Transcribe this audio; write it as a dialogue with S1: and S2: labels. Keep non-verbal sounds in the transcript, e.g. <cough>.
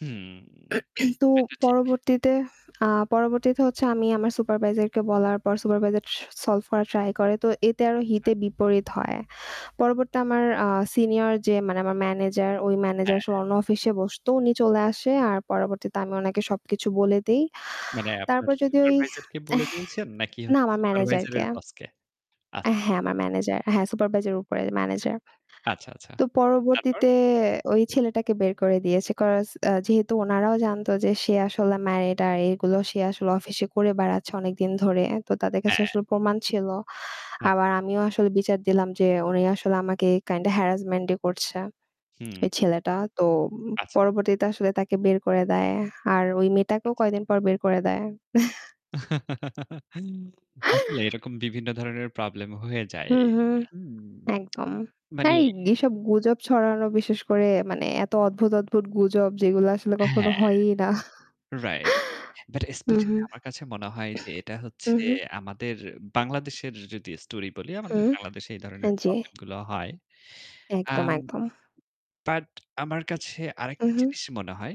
S1: হুম,
S2: <clears throat> তো
S1: এটা ঠিক।
S2: পরবর্তীতে আ পরবর্তীতে হচ্ছে আমি আমার সুপারভাইজার কে বলার পর সুপারভাইজার স সলভ করার ট্রাই করে। তো এতে আরো
S1: আচ্ছা।
S2: হিতে বিপরীত হয়। পরবর্তীতে আমার আ সিনিয়র যে মানে আমার ম্যানেজার ওই
S1: হ্যাঁ।
S2: ম্যানেজার সে অন্য অফিসে বসতো। উনি চলে আসে। আর পরবর্তীতে আমি ওনাকে সবকিছু বলে দেই।
S1: মানে আপনার
S2: তারপর যদি ওই
S1: সুপারভাইজার কে বলে দিয়েছেন নাকি
S2: না
S1: হচ্ছে
S2: আমার ম্যানেজার
S1: সুপারভাইজার
S2: কে।
S1: এর বস কে?
S2: আ
S1: আচ্ছা, আচ্ছা।
S2: হ্যাঁ, আমার ম্যানেজার। হ্যাঁ, সুপারভাইজার এর উপরে ম্যানেজার।
S1: আচ্ছা, আচ্ছা।
S2: তো
S1: তারপর?
S2: পরবর্তীতে ওই ছেলেটাকে বের করে দিয়েছে। কজ আ যেহেতু উনারাও জানত যে সে আসলে ম্যারিড আর এগুলো সে আসলে অফিসে করে বেড়াচ্ছে অনেকদিন ধরে। তো তাদের কাছে
S1: হ্যাঁ।
S2: আসলে প্রমাণ ছিল।
S1: আচ্ছা,
S2: আবার
S1: আচ্ছা।
S2: আমিও আসলে বিচার দিলাম যে উনি আসলে আমাকে কাইন্ডা হ্যারাসমেন্টই করছে।
S1: হুম।
S2: ওই ছেলেটা। তো
S1: আচ্ছা।
S2: পরবর্তীতে আসলে তাকে বের করে দেয়। আর ওই মেয়েটাকেও
S1: আচ্ছা।
S2: কয়েকদিন পর বের করে দেয়। <chuckles>
S1: <chuckles> আসলে
S2: <chuckles>
S1: এরকম বিভিন্ন ধরনের প্রবলেম হয়ে যায়।
S2: হুম, হুম,
S1: হুম। <smacks lips>
S2: একদম। না,
S1: মানে
S2: এইসব গুজব ছড়ানো বিশেষ করে মানে এত অদ্ভুত, অদ্ভুত গুজব যেগুলো আসলে কখনো
S1: হ্যাঁ।
S2: হয়ই না।
S1: রাইট। বাট
S2: <chuckles> হুম,
S1: স্পেশালি
S2: হুম।
S1: আমার কাছে মনে হয় যে এটা হচ্ছে
S2: হুম, হুম।
S1: আমাদের বাংলাদেশের যদি স্টোরি বলি আমাদের
S2: হুম।
S1: বাংলাদেশে এই ধরনের
S2: হ্যাঁ, জি।
S1: প্রবলেম গুলো হয়।
S2: একদম,
S1: আম
S2: একদম।
S1: বাট আমার কাছে
S2: উম
S1: আরেকটা
S2: হুম।
S1: জিনিস মনে হয়।